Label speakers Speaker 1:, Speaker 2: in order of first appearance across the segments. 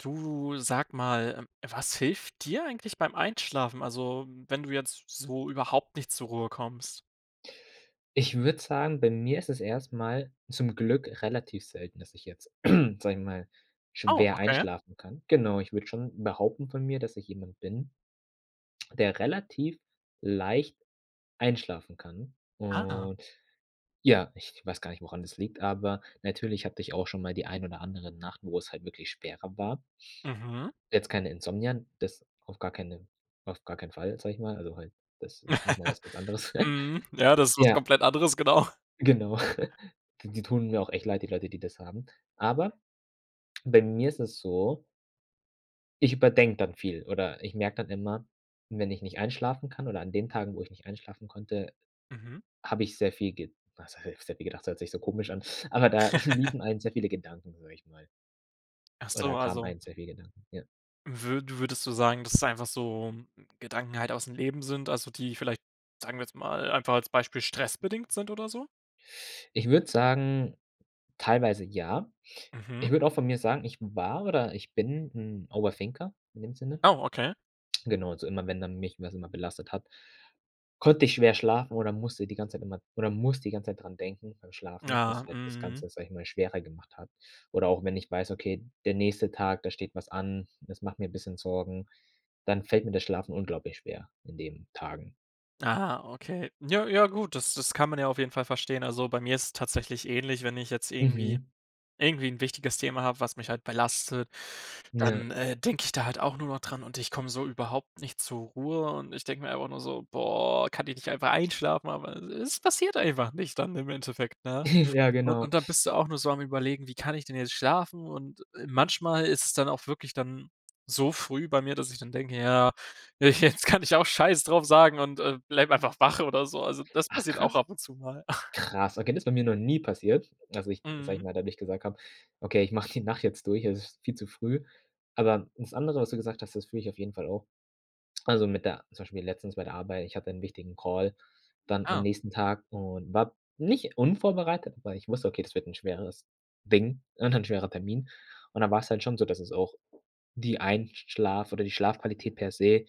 Speaker 1: Du, sag mal, was hilft dir eigentlich beim Einschlafen? Also, wenn du jetzt so überhaupt nicht zur Ruhe kommst.
Speaker 2: Ich würde sagen, bei mir ist es erstmal zum Glück relativ selten, dass ich jetzt, sage ich mal,
Speaker 1: Oh,
Speaker 2: schwer
Speaker 1: okay.
Speaker 2: einschlafen kann. Genau, ich würde schon behaupten von mir, dass ich jemand bin der relativ leicht einschlafen kann.
Speaker 1: Ah.
Speaker 2: Und ja, ich weiß gar nicht, woran das liegt, aber natürlich hatte ich auch schon mal die ein oder andere Nacht, wo es halt wirklich schwerer war.
Speaker 1: Mhm.
Speaker 2: Jetzt keine Insomnien, das auf gar keine auf gar keinen Fall, sage ich mal. Also halt, das ist nochmal was ganz anderes.
Speaker 1: Mhm. Ja, das ist was
Speaker 2: Ja.
Speaker 1: komplett anderes, genau.
Speaker 2: Genau. D die tun mir auch echt leid, die Leute, die das haben. Aber, bei mir ist es so Ich überdenke dann viel, oder ich merke dann immer, wenn ich nicht einschlafen kann oder an den Tagen, wo ich nicht einschlafen konnte,
Speaker 1: Mhm.
Speaker 2: habe ich sehr viel ge was h heißt sehr viel gedacht? Das hört sich so komisch an, aber da liefen einem sehr viele Gedanken durch mal
Speaker 1: Ach
Speaker 2: Oder
Speaker 1: so,
Speaker 2: da kamen
Speaker 1: also
Speaker 2: einem sehr viel Gedanken, ja.
Speaker 1: Würd würdest du sagen, dass es einfach so Gedanken halt ausm Leben sind, also, die vielleicht, sagen wir jetzt mal, einfach als Beispiel stressbedingt sind oder so?
Speaker 2: Ich würde sagen, teilweise ja.
Speaker 1: Mhm.
Speaker 2: Ich würde auch von mir sagen, ich war oder ich bin 'n Over-Thinker in dem Sinne.
Speaker 1: Oh, okay.
Speaker 2: Genau, also immer, wenn dann mich was immer belastet hat, konnte ich schwer schlafen oder musste die ganze Zeit immer oder muss die ganze Zeit daran denken beim Schlafen, was
Speaker 1: Ja,
Speaker 2: halt das
Speaker 1: mhm.
Speaker 2: Ganze, sage ich mal, schwerer gemacht hat. Oder auch wenn ich weiß, okay, der nächste Tag, da steht was an, das macht mir 'n bisschen Sorgen, dann fällt mir das Schlafen unglaublich schwer in den Tagen.
Speaker 1: Ah, okay. Ja, ja gut, das das kann man ja auf jeden Fall verstehen. Also, bei mir ist es tatsächlich ähnlich, wenn ich jetzt irgendwie
Speaker 2: Mhm.
Speaker 1: irgendwie 'n wichtiges Thema habe, was mich halt belastet,
Speaker 2: Ja.
Speaker 1: dann, äh, denke ich da halt auch nur noch dran und ich komme so überhaupt nicht zur Ruhe und ich denke mir einfach nur so: „Boah, kann ich nicht einfach einschlafen?“ Aber, es es passiert einfach nicht dann im Endeffekt, ne?
Speaker 2: Ja, genau.
Speaker 1: Und dann bist du auch nur so am Überlegen: „Wie kann ich denn jetzt schlafen“ und, äh, manchmal ist es dann auch wirklich dann so früh bei mir, dass ich dann denke: „Ja, also jetzt kann ich auch scheiße drauf sagen“ und, äh, bleibe einfach wach oder so. Also das
Speaker 2: Ach,
Speaker 1: passiert auch
Speaker 2: krass.
Speaker 1: ab und zu mal.
Speaker 2: Krass. Okay, das ist bei mir noch nie passiert, dass ich, sage ich
Speaker 1: Mhm.
Speaker 2: mal, dadurch gesagt habe: „Okay, ich mache die Nacht jetzt durch, es ist viel zu früh.“ Aber, das andere, was du gesagt hast, das fühle ich auf jeden Fall auch. Also mit der, zum Beispiel letztens, bei der Arbeit, ich hatte 'n wichtigen Call, dann am
Speaker 1: Ah.
Speaker 2: nächsten Tag und war nicht unvorbereitet, aber ich wusste, okay, das wird 'n schweres Ding und ein schwerer Termin. Und dann war‘s halt schon so, dass es auch die Einsch schlaf oder die Schlafqualität per se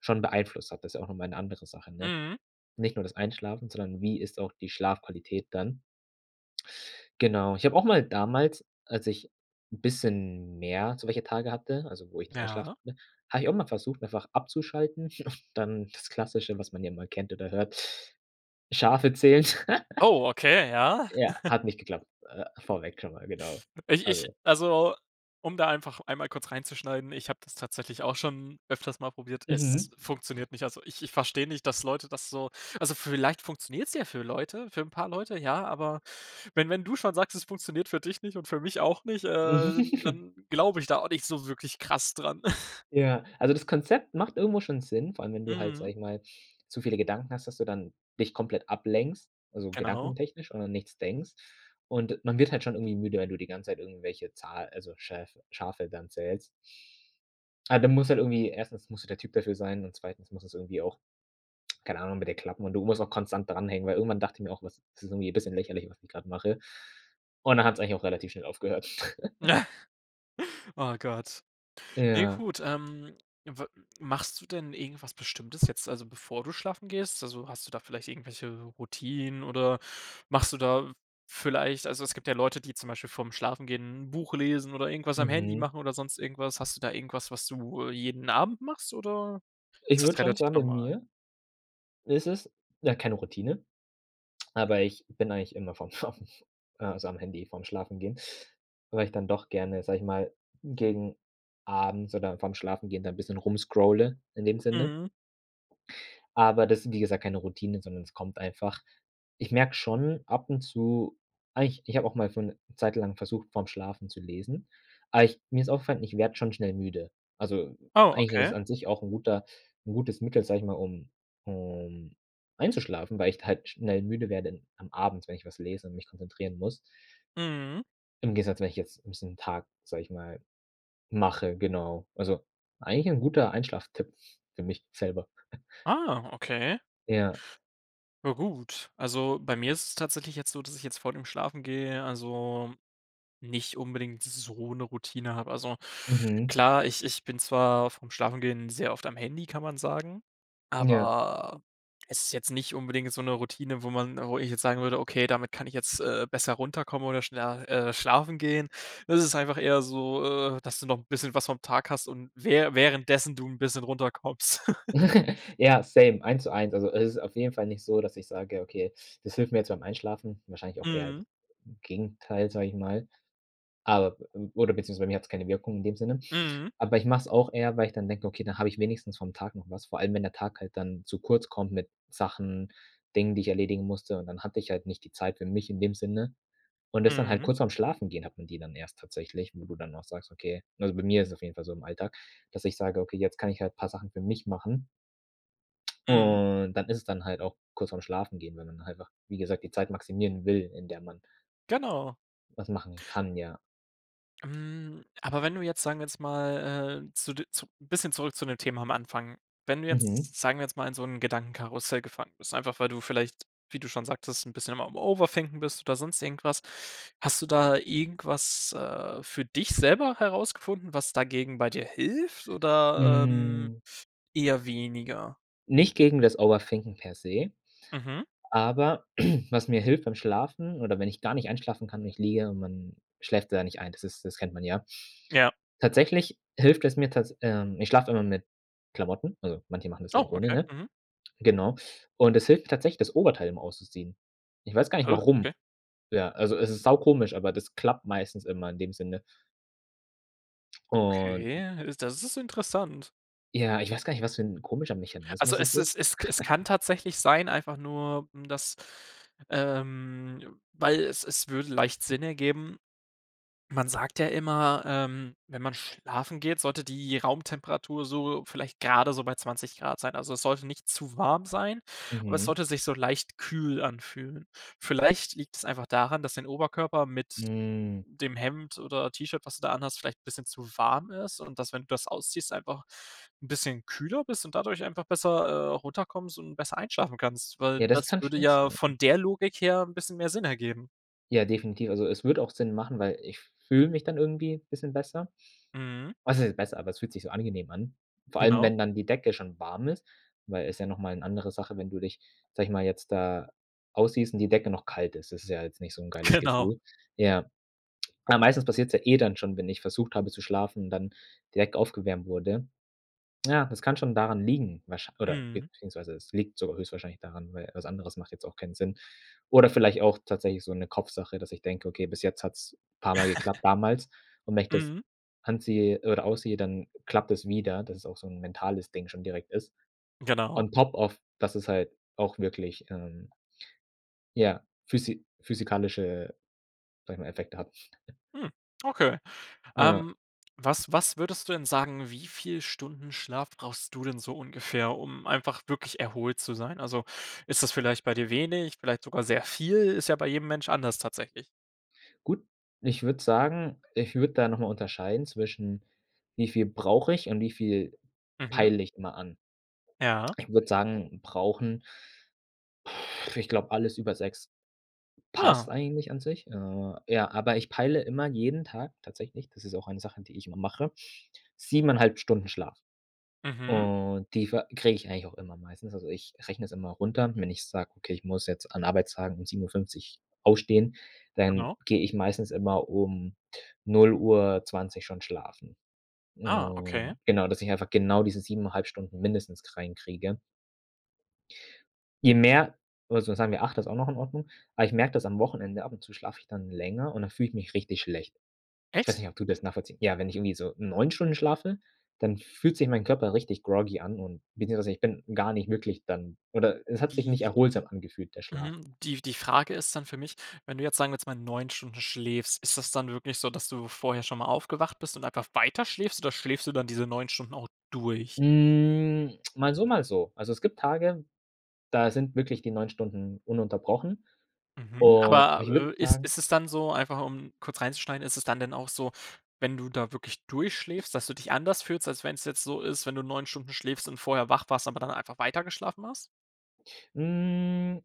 Speaker 2: schon beeinflusst hat. Das ist ja auch nochmal 'ne andere Sache, ne?
Speaker 1: Mhm.
Speaker 2: Nicht nur das Einschlafen, sondern wie ist auch die Schlafqualität dann? Genau. Ich habe auch mal damals, als ich 'n bisschen mehr so welche Tage hatte, also wo ich nicht einschlafen
Speaker 1: Ja.
Speaker 2: konnte, habe ich auch mal versucht, einfach abzuschalten und dann das Klassische, was man ja mal kennt oder hört, Schafe zählen.
Speaker 1: Oh, okay, ja.
Speaker 2: Ja, hat nicht geklappt. Äh, vorweg schon mal, genau,
Speaker 1: Ich ich
Speaker 2: also
Speaker 1: also, um da einfach einmal kurz reinzuschneiden, ich habe das tatsächlich auch schon öfters mal probiert. Es
Speaker 2: Mhm.
Speaker 1: funktioniert nicht. Also, ich ich verstehe nicht, dass Leute das so also vielleicht funktioniert es ja für Leute, für 'n paar Leute, ja, aber wenn wenn du schon sagst, es funktioniert für dich nicht und für mich auch nicht, äh, dann glaube ich da auch nicht so wirklich krass dran.
Speaker 2: Ja, also das Konzept macht irgendwo schon Sinn, vor allem, wenn du halt,
Speaker 1: Mhm.
Speaker 2: sage ich mal, zu viele Gedanken hast, dass du dann dich komplett ablenkst, also
Speaker 1: Genau.
Speaker 2: gedankentechnisch und an nichts denkst. Und, man wird halt schon irgendwie müde, wenn du die ganze Zeit irgendwelche Zahl also Schäf Schafe dann zählst. Ah, dann musst halt irgendwie 1. musst du der Typ dafür sein und 2. muss es irgendwie auch, keine Ahnung, bei dir klappen und du musst auch konstant dranhängen, weil irgendwann dachte ich mir auch: „Was? Ist irgendwie 'n bisschen lächerlich, was ich gerade mache“ und dann hat's eigentlich auch relativ schnell aufgehört.
Speaker 1: Oh Gott. Ne,
Speaker 2: Ja.
Speaker 1: gut, ähm, w machst du denn irgendwas Bestimmtes jetzt, also bevor du schlafen gehst? Also, hast du da vielleicht irgendwelche Routinen oder machst du da vielleicht also, es gibt ja Leute, die zum Beispiel vor ‘m Schlafengehen 'n Buch lesen oder irgendwas am Handy
Speaker 2: Mhm.
Speaker 1: machen oder sonst irgendwas. Hast du da irgendwas, was du, äh, jeden Abend machst, oder
Speaker 2: Ich
Speaker 1: ist das
Speaker 2: würde schon
Speaker 1: relativ
Speaker 2: sagen, bei
Speaker 1: normal?
Speaker 2: mir ist es ja, keine Routine. Aber, ich bin eigentlich immer vorm Schlafen, äh, also am Handy vorm Schlafengehen, weil ich dann doch gerne, sage ich mal, gegen abends oder vorm Schlafengehen dann 'n bisschen rum scrolle in dem Sinne.
Speaker 1: Mhm.
Speaker 2: Aber das sind wie gesagt, keine Routinen, sondern es kommt einfach. Ich merke schon ab und zu eigentlich, ich habe auch mal für 'ne Zeit lang versucht, vor ‘m Schlafen zu lesen, aber ich mir ist aufgefallen, ich werde schon schnell müde. Also,
Speaker 1: Oh,
Speaker 2: eigentlich ist
Speaker 1: okay.
Speaker 2: es an sich auch 'n guter 'n gutes Mittel, sage ich mal, um um einzuschlafen, weil ich halt schnell müde werde in am Abend, wenn ich was lese und mich konzentrieren muss
Speaker 1: Mhm.
Speaker 2: im Gegensatz, wenn ich jetzt [unintelligible] Tag, sage ich mal, mache, genau. Also eigentlich 'n guter Einschlaftipp für mich selber.
Speaker 1: Ah, okay.
Speaker 2: Ja.
Speaker 1: Ja gut. Also, bei mir ist es tatsächlich jetzt so, dass ich jetzt vor dem Schlafen gehen, also nicht unbedingt so 'ne Routine habe. Also,
Speaker 2: Mhm.
Speaker 1: klar, ich ich bin zwar vorm Schlafengehen sehr oft am Handy, kann man sagen,
Speaker 2: Ja.
Speaker 1: aber es ist jetzt nicht unbedingt so 'ne Routine, wo man wo ich jetzt sagen würde: „Okay, damit kann ich jetzt, äh, besser runterkommen oder schneller, äh, schlafen gehen.“ Das ist einfach eher so, äh, dass du noch 'n bisschen was vom Tag hast und wä währenddessen du 'n bisschen runterkommst.
Speaker 2: Ja, same, eins zu eins. Also, es ist auf jeden Fall nicht so, dass ich sage: „Okay, das hilft mir jetzt beim Einschlafen“, wahrscheinlich auch eher d
Speaker 1: Mhm.
Speaker 2: Gegenteil, sage ich mal, aber oder beziehungsweise, bei mir hat's keine Wirkung in dem Sinne.
Speaker 1: Mhm.
Speaker 2: Aber, ich mache es auch eher, weil ich dann denke: „Okay, dann habe ich wenigstens vom Tag noch was“, vor allem, wenn der Tag halt dann zu kurz kommt mit Sachen, Dingen, die ich erledigen musste, und dann hatte ich halt nicht die Zeit für mich in dem Sinne. Und, das dann halt
Speaker 1: Mhm.
Speaker 2: kurz vorm Schlafengehen hat man die dann erst tatsächlich, wo du dann auch sagst: „Okay“, also bei mir ist es auf jeden Fall so im Alltag, dass ich sage, okay: „Jetzt kann ich halt paar Sachen für mich machen.“
Speaker 1: Mhm.
Speaker 2: Und, dann ist es dann halt auch kurz vorm Schlafengehen, weil man einfach, wie gesagt, die Zeit maximieren will, in der man
Speaker 1: Genau.
Speaker 2: Was machen kann, ja.
Speaker 1: Hm, aber wenn du jetzt, sagen wir jetzt mal, äh, zu de zu bisschen zurück zu dem Thema am Anfang. Wenn du
Speaker 2: Mhm.
Speaker 1: jetzt, sagen wir jetzt mal in so 'n Gedankenkarussell gefangen bist, einfach, weil du vielleicht, wie du schon sagtest, 'n bisschen am am Overthinken bist oder sonst irgendwas. Hast du da irgendwas, äh, für dich selber herausgefunden, was dagegen bei dir hilft, oder, ähm,
Speaker 2: Hm.
Speaker 1: eher weniger?
Speaker 2: Nicht gegen das Overthinken per se.
Speaker 1: Mhm.
Speaker 2: Aber was mir hilft beim Schlafen, oder wenn ich gar nicht einschlafen kann und ich liege und man schläft da nicht ein, das ist das kennt man ja.
Speaker 1: Ja.
Speaker 2: Tatsächlich hilft es mir tats ähm, ich schlafe immer mit Klamotten, also, manche machen das ja
Speaker 1: Oh,
Speaker 2: auch ohne,
Speaker 1: okay.
Speaker 2: ne?
Speaker 1: Mhm.
Speaker 2: Genau. Und das hilft tatsächlich, das Oberteil immer auszuziehen. Ich weiß gar nicht,
Speaker 1: Hä,
Speaker 2: warum.
Speaker 1: okay.
Speaker 2: Ja, also, es ist saukomisch, aber das klappt meistens immer in dem Sinne. Und
Speaker 1: Okay, is das ist interessant.
Speaker 2: ja, ich weiß gar nicht, was für 'n komischer
Speaker 1: Also,
Speaker 2: Mechanismus es
Speaker 1: es
Speaker 2: ist.
Speaker 1: ist es es kann tatsächlich sein, einfach nur, hm, dass, ähm, weil es es würde leicht Sinn ergeben. Man sagt ja immer, ähm, wenn man schlafen geht, sollte die Raumtemperatur so vielleicht gerade so bei 20 ºC sein. Also, es sollte nicht zu warm sein, aber es
Speaker 2: Mhm.
Speaker 1: sollte sich so leicht kühl anfühlen. Vielleicht liegt es einfach daran, dass dein Oberkörper mit
Speaker 2: Hm.
Speaker 1: dem Hemd oder T-Shirt, was du da anhast, vielleicht 'n bisschen zu warm ist und dass, wenn du das ausziehst, einfach 'n bisschen kühler bist und dadurch einfach besser, äh, runterkommst und besser einschlafen kannst, weil
Speaker 2: Ja, das
Speaker 1: das
Speaker 2: kann
Speaker 1: würde
Speaker 2: schon
Speaker 1: ja
Speaker 2: sein.
Speaker 1: von der Logik her 'n bisschen mehr Sinn ergeben.
Speaker 2: Ja, definitiv. Also, es würde auch Sinn machen, weil ich f fühle mich dann irgendwie bisschen besser.
Speaker 1: Mhm.
Speaker 2: Was heißt besser, aber es fühlt sich so angenehm an. Vor allem,
Speaker 1: Genau.
Speaker 2: wenn dann die Decke schon warm ist, weil es ja nochmal 'ne andere Sache, wenn du dich, sage ich mal, jetzt da ausziehst und die Decke noch kalt ist. Das ist ja jetzt nicht so 'n geiles
Speaker 1: Genau.
Speaker 2: Gefühl. Ja. Aber meistens passiert es ja eh dann schon, wenn ich versucht habe zu schlafen und dann die Decke aufgewärmt wurde. Ja, das kann schon daran liegen, wahrschein oder
Speaker 1: Mhm.
Speaker 2: beziehungsweise es liegt sogar höchstwahrscheinlich daran, weil was anderes macht jetzt auch keinen Sinn. Oder vielleicht auch tatsächlich so 'ne Kopfsache, dass ich denke: „Okay, bis jetzt hat's paar Mal geklappt damals und wenn ich das
Speaker 1: Mhm.
Speaker 2: anziehe oder ausziehe, dann klappt das wieder.“ Dass es auch so 'n mentales Ding schon direkt ist.
Speaker 1: Genau.
Speaker 2: On Top of dass es halt auch wirklich, ähm ja, physi physikalische, sage ich mal, Effekte hat.
Speaker 1: Mhm. Okay.
Speaker 2: Ja.
Speaker 1: Ähm, was was würdest du denn sagen, wie viel Stunden Schlaf brauchst du denn so ungefähr, um einfach wirklich erholt zu sein? Also, ist das vielleicht bei dir wenig, vielleicht sogar sehr viel? Ist ja bei jedem Mensch anders tatsächlich.
Speaker 2: Gut, ich würde sagen, ich würde da nochmal unterscheiden, zwischen wie viel brauche ich und wie viel
Speaker 1: Mhm.
Speaker 2: peile ich immer an.
Speaker 1: Ja.
Speaker 2: Ich würde sagen, brauchen Ich glaube alles über 6
Speaker 1: Ja.
Speaker 2: passt eigentlich an sich. Äh, ja, aber ich peile immer jeden Tag tatsächlich das ist auch eine Sache, die ich immer mache, 7 1/2 Stunden Schlaf.
Speaker 1: Mhm.
Speaker 2: Und die ve kriege ich eigentlich auch immer meistens. Also ich rechne es immer runter. Wenn ich sage, okay, ich muss jetzt an Arbeitstagen um 7:50 aufstehen, dann
Speaker 1: Genau.
Speaker 2: gehe ich meistens immer um 0:20 schon schlafen.
Speaker 1: Ah, okay.
Speaker 2: Und genau, dass ich einfach genau diese 7 1/2 Stunden mindestens reinkriege. Je mehr oder so sagen wir, 8 ist auch noch in Ordnung. Aber ich merke das am Wochenende, ab und zu schlafe ich dann länger und dann fühle ich mich richtig schlecht. Ich weiß
Speaker 1: Echt?
Speaker 2: nicht, ob du das nachvollziehen ja, wenn ich irgendwie so 9 Stunden schlafe, dann fühlt sich mein Körper richtig groggy an, und beziehungsweise ich bin gar nicht wirklich dann oder es hat sich nicht
Speaker 1: Die
Speaker 2: erholsam angefühlt, der Schlaf.
Speaker 1: Mhm, die die Frage ist dann für mich: Wenn du jetzt, sagen wir jetzt mal, 9 Stunden schläfst, ist das dann wirklich so, dass du vorher schon mal aufgewacht bist und einfach weiterschläfst, oder schläfst du dann diese 9 Stunden auch durch?
Speaker 2: Hm. Mal so, mal so. Also es gibt Tage, da sind wirklich die 9 Stunden ununterbrochen.
Speaker 1: Mhm.
Speaker 2: Und aber
Speaker 1: Aber,
Speaker 2: ich würde
Speaker 1: äh, ist
Speaker 2: sagen
Speaker 1: ist es dann so einfach um kurz reinzuschneiden ist es dann denn auch so, wenn du da wirklich durchschläfst, dass du dich anders fühlst, als wenn es jetzt so ist wenn du 9 Stunden schläfst und vorher wach warst, aber dann einfach weitergeschlafen hast?
Speaker 2: Hm.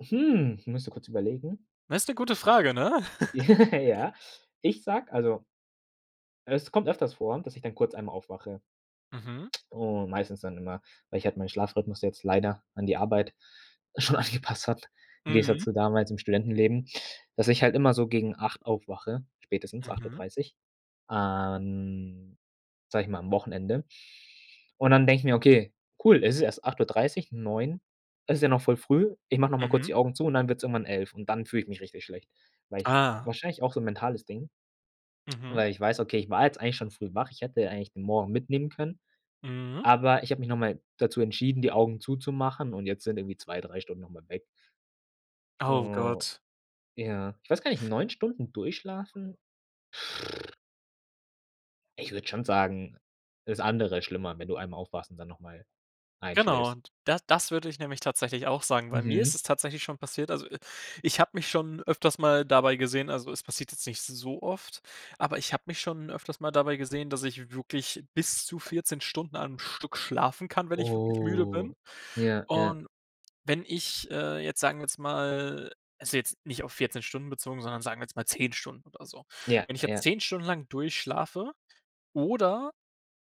Speaker 2: Hm, müsste kurz überlegen.
Speaker 1: Na, ist 'ne gute Frage, ne?
Speaker 2: Ja. Ich sage, also Es kommt öfters vor, dass ich dann kurz einmal aufwache.
Speaker 1: Mhm.
Speaker 2: Und meistens dann immer, weil ich halt meinen Schlafrhythmus jetzt leider an die Arbeit schon angepasst hat, im Gegensatz
Speaker 1: Mhm.
Speaker 2: zu damals im Studentenleben dass ich halt immer so gegen 8 aufwache, spätestens acht Uhr
Speaker 1: Mhm.
Speaker 2: dreißig, ähm, sage ich mal am Wochenende. Und dann denke ich mir: „Okay, cool, es ist erst 8:30, 9. Es ist ja noch voll früh. Ich mache nochmal kurz
Speaker 1: Mhm.
Speaker 2: die Augen zu.‟ Und dann wird es irgendwann 11, und dann fühle ich mich richtig schlecht. Weil ich
Speaker 1: Ah.
Speaker 2: wahrscheinlich auch so 'n mentales Ding.
Speaker 1: Mhm.
Speaker 2: Weil ich weiß, okay, ich war jetzt eigentlich schon früh wach. Ich hätte ja eigentlich den morgen mitnehmen können.
Speaker 1: Mhm.
Speaker 2: Aber ich habe mich nochmal dazu entschieden, die Augen zuzumachen und jetzt sind irgendwie 2, 3 Stunden nochmal weg.
Speaker 1: Oh
Speaker 2: Hm,
Speaker 1: Gott.
Speaker 2: ja, ich weiß gar nicht, 9 Stunden durchschlafen? Ich würde schon sagen, das andere ist schlimmer, wenn du einmal aufwachst und dann nochmal
Speaker 1: Genau,
Speaker 2: einschläfst.
Speaker 1: und da das würde ich nämlich tatsächlich auch sagen, weil mir ist
Speaker 2: Mhm.
Speaker 1: es tatsächlich schon passiert. Also, äh, ich habe mich schon öfters mal dabei gesehen also es passiert jetzt nicht so oft, aber ich habe mich schon öfters mal dabei gesehen, dass ich wirklich bis zu 14 Stunden am Stück schlafen kann, wenn ich wirklich müde bin.
Speaker 2: Oh. Ja, ja.
Speaker 1: Und wenn ich, äh, jetzt, sagen wir jetzt mal also jetzt nicht auf 14 Stunden bezogen, sondern sagen wir jetzt mal 10 Stunden oder so.
Speaker 2: Ja,
Speaker 1: Wenn ich jetzt
Speaker 2: ja.
Speaker 1: 10 Stunden lang durchschlafe, oder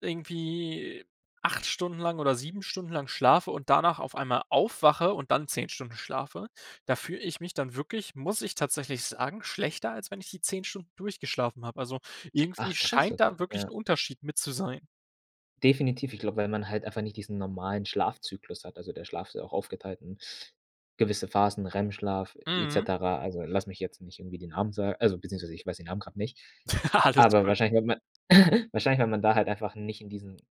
Speaker 1: irgendwie 8 Stunden lang oder 7 Stunden lang schlafe und danach auf einmal aufwache und dann 10 Stunden schlafe, da fühle ich mich dann wirklich, muss ich tatsächlich sagen, schlechter, als wenn ich die 10 Stunden durchgeschlafen habe. Also irgendwie
Speaker 2: Ach, krass,
Speaker 1: scheint da
Speaker 2: okay,
Speaker 1: wirklich 'n
Speaker 2: ja.
Speaker 1: Unterschied mit zu sein.
Speaker 2: Definitiv. Ich glaube, weil man halt einfach nicht diesen normalen Schlafzyklus hat, also der Schlaf ist ja auch aufgeteilt in gewisse Phasen, REM-Schlaf et
Speaker 1: Mhm.
Speaker 2: cetera, also, lass mich jetzt nicht irgendwie den Namen sa also, beziehungsweise ich weiß den Namen grad nicht.
Speaker 1: Alles
Speaker 2: Aber
Speaker 1: gut.
Speaker 2: wahrscheinlich wenn man wahrscheinlich wenn man da halt einfach nicht in diesen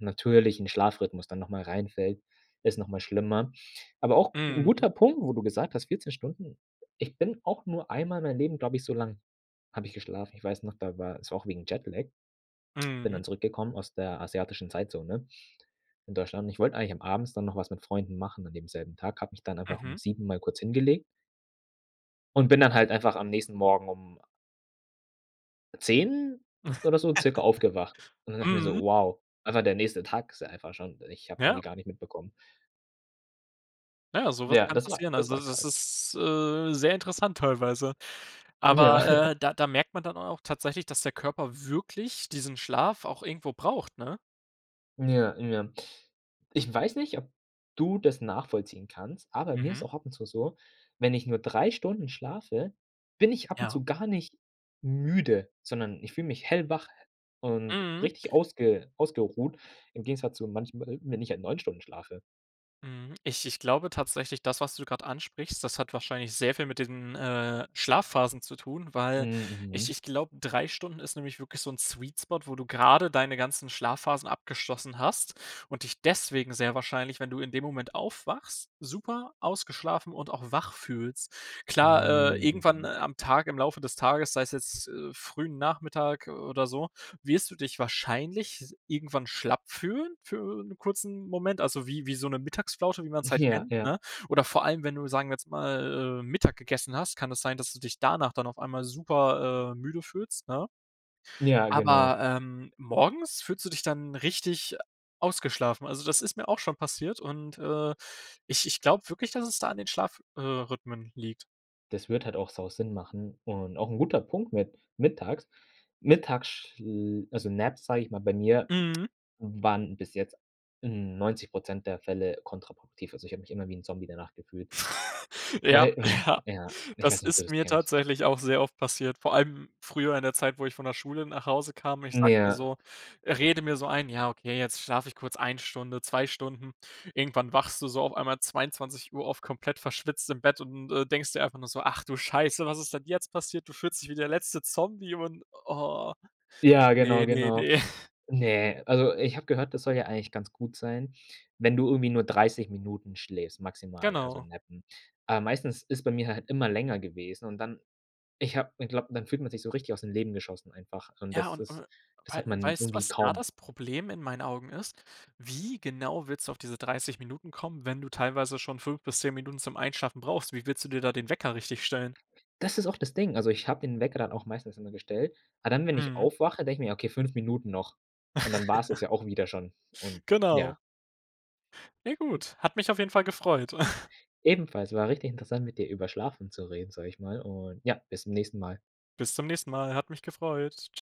Speaker 2: natürlichen Schlafrhythmus dann nochmal reinfällt, ist nochmal schlimmer. Aber auch 'n
Speaker 1: Mhm.
Speaker 2: guter Punkt, wo du gesagt hast, 14 Stunden ich bin auch nur einmal in meinem Leben, glaube ich so lange habe ich geschlafen. Ich weiß noch, da war es auch wegen Jetlag. Bin
Speaker 1: Mhm.
Speaker 2: dann zurückgekommen aus der asiatischen Zeitzone in Deutschland und ich wollte eigentlich am abends dann noch was mit Freunden machen an dem selben Tag. Habe mich dann aber auch um
Speaker 1: Mhm.
Speaker 2: 7:00 mal kurz hingelegt und bin dann halt einfach am nächsten Morgen um 10:00 oder so circa aufgewacht. Und dann dachte ich mir so:
Speaker 1: Mhm.
Speaker 2: „Wow, einfach der nächste Tag ist einfach schon, ich habe es irgendwie
Speaker 1: Ja.
Speaker 2: gar nicht mitbekommen.“
Speaker 1: Ja, sowas
Speaker 2: Ja,
Speaker 1: kann
Speaker 2: das war
Speaker 1: passieren.
Speaker 2: das
Speaker 1: Also,
Speaker 2: war
Speaker 1: das
Speaker 2: krass.
Speaker 1: ist, äh, sehr interessant teilweise.
Speaker 2: Ja.
Speaker 1: Aber, äh, da da merkt man dann auch tatsächlich, dass der Körper wirklich diesen Schlaf auch irgendwo braucht, ne?
Speaker 2: Ja, ja, ich weiß nicht, ob du das nachvollziehen kannst. Ah, bei mir ist
Speaker 1: Mhm.
Speaker 2: auch ab und zu so, wenn ich nur 3 Stunden schlafe, bin ich ab und
Speaker 1: Ja.
Speaker 2: zu gar nicht müde, sondern ich fühle mich hellwach und
Speaker 1: Mhm.
Speaker 2: richtig ausge ausgeruht, im Gegensatz zu manchmal, wenn ich halt 9 Stunden schlafe.
Speaker 1: Mhm. Ich ich glaube tatsächlich, das, was du gerade ansprichst, das hat wahrscheinlich sehr viel mit diesen, äh, Schlafphasen zu tun,
Speaker 2: Hm,
Speaker 1: weil ich
Speaker 2: mhm.
Speaker 1: ich glaube, 3 Stunden ist nämlich wirklich so 'n Sweet Spot, wo du grade deine ganzen Schlafphasen abgeschlossen hast und dich deswegen sehr wahrscheinlich, wenn du in dem Moment aufwachst, super ausgeschlafen und auch wach fühlst. Klar, äh,
Speaker 2: Hm,
Speaker 1: irgendwann, äh,
Speaker 2: mhm.
Speaker 1: am Tag, im Laufe des Tages, sei es jetzt, äh, frühen Nachmittag, äh, oder so, wirst du dich wahrscheinlich s irgendwann schlapp fühlen, für 'n kurzen Moment. Also wie wie so 'ne Mittagsflaute, wie man's halt
Speaker 2: Ja.
Speaker 1: kennt,
Speaker 2: Ja.
Speaker 1: ne? Oder vor allem, wenn du, sagen wir jetzt mal, äh, Mittag gegessen hast, kann das sein, dass du dich danach dann auf einmal super, äh, müde fühlst, ne?
Speaker 2: Ja, genau.
Speaker 1: Aber, ähm, morgens fühlst du dich dann richtig ausgeschlafen. Also, das ist mir auch schon passiert und, äh, ich ich glaube wirklich, dass es da an den Schlaf äh, rhythmen liegt.
Speaker 2: Das würde halt auch sau Sinn machen und auch 'n guter Punkt mit mittags. Mittagschl also Naps, sage ich mal, bei mir
Speaker 1: Mhm.
Speaker 2: waren bis jetzt 90 % der Fälle kontraproduktiv. Also, ich habe mich immer wie 'n Zombie danach gefühlt,
Speaker 1: Ja,
Speaker 2: weil wahrschei
Speaker 1: ja.
Speaker 2: ja. Ich
Speaker 1: Das
Speaker 2: weiß nicht, ob du
Speaker 1: ist
Speaker 2: das
Speaker 1: mir
Speaker 2: kennst.
Speaker 1: tatsächlich auch sehr oft passiert. Vor allem früher in der Zeit, wo ich von der Schule nach Hause kam, ich
Speaker 2: Mm,
Speaker 1: sage mal
Speaker 2: ja.
Speaker 1: so, rede mir so ein: „Ja okay, jetzt schlafe ich kurz 1 Stunde, 2 Stunden.“ Irgendwann wachst du so auf einmal 22:00 auf, komplett verschwitzt im Bett und, äh, denkst dir einfach nur so: „Ach du scheiße, was ist denn jetzt passiert?“ Du fühlst dich wie der letzte Zombie und ah,
Speaker 2: Ja,
Speaker 1: ne,
Speaker 2: genau,
Speaker 1: ne,
Speaker 2: genau.
Speaker 1: ne.
Speaker 2: Ne, also ich habe gehört, das soll ja eigentlich ganz gut sein, wenn du irgendwie nur 30 Minuten schläfst, maximal, also
Speaker 1: Genau.
Speaker 2: nappen. Ah, meistens ist bei mir halt immer länger gewesen und dann ich habe ich glaube, dann fühlt man sich so richtig aus dem Leben geschossen einfach und
Speaker 1: Ja
Speaker 2: das
Speaker 1: und
Speaker 2: ist
Speaker 1: und
Speaker 2: das
Speaker 1: wei
Speaker 2: hat man
Speaker 1: weißt du,
Speaker 2: irgendwie
Speaker 1: was da
Speaker 2: kaum.
Speaker 1: das Problem in meinen Augen ist? Wie genau willst du auf diese 30 Minuten kommen, wenn du teilweise schon 5 bis 10 Minuten zum Einschlafen brauchst? Wie willst du dir da den Wecker richtig stellen?
Speaker 2: Das ist auch das Ding, also, ich habe den Wecker auch meistens immer gestellt. Aber dann, wenn ich
Speaker 1: Mhm.
Speaker 2: aufwache, denke ich mir: „Okay, fünf Minuten noch“ und dann war‘s das ja auch wieder schon und
Speaker 1: Genau.
Speaker 2: ja.
Speaker 1: Ja gut, hat mich auf jeden Fall gefreut.
Speaker 2: Ebenfalls. War richtig interessant, mit dir über Schlafen zu reden, sage ich mal. Und ja, bis zum nächsten Mal.
Speaker 1: Bis zum nächsten Mal, hat mich gefreut. Tsch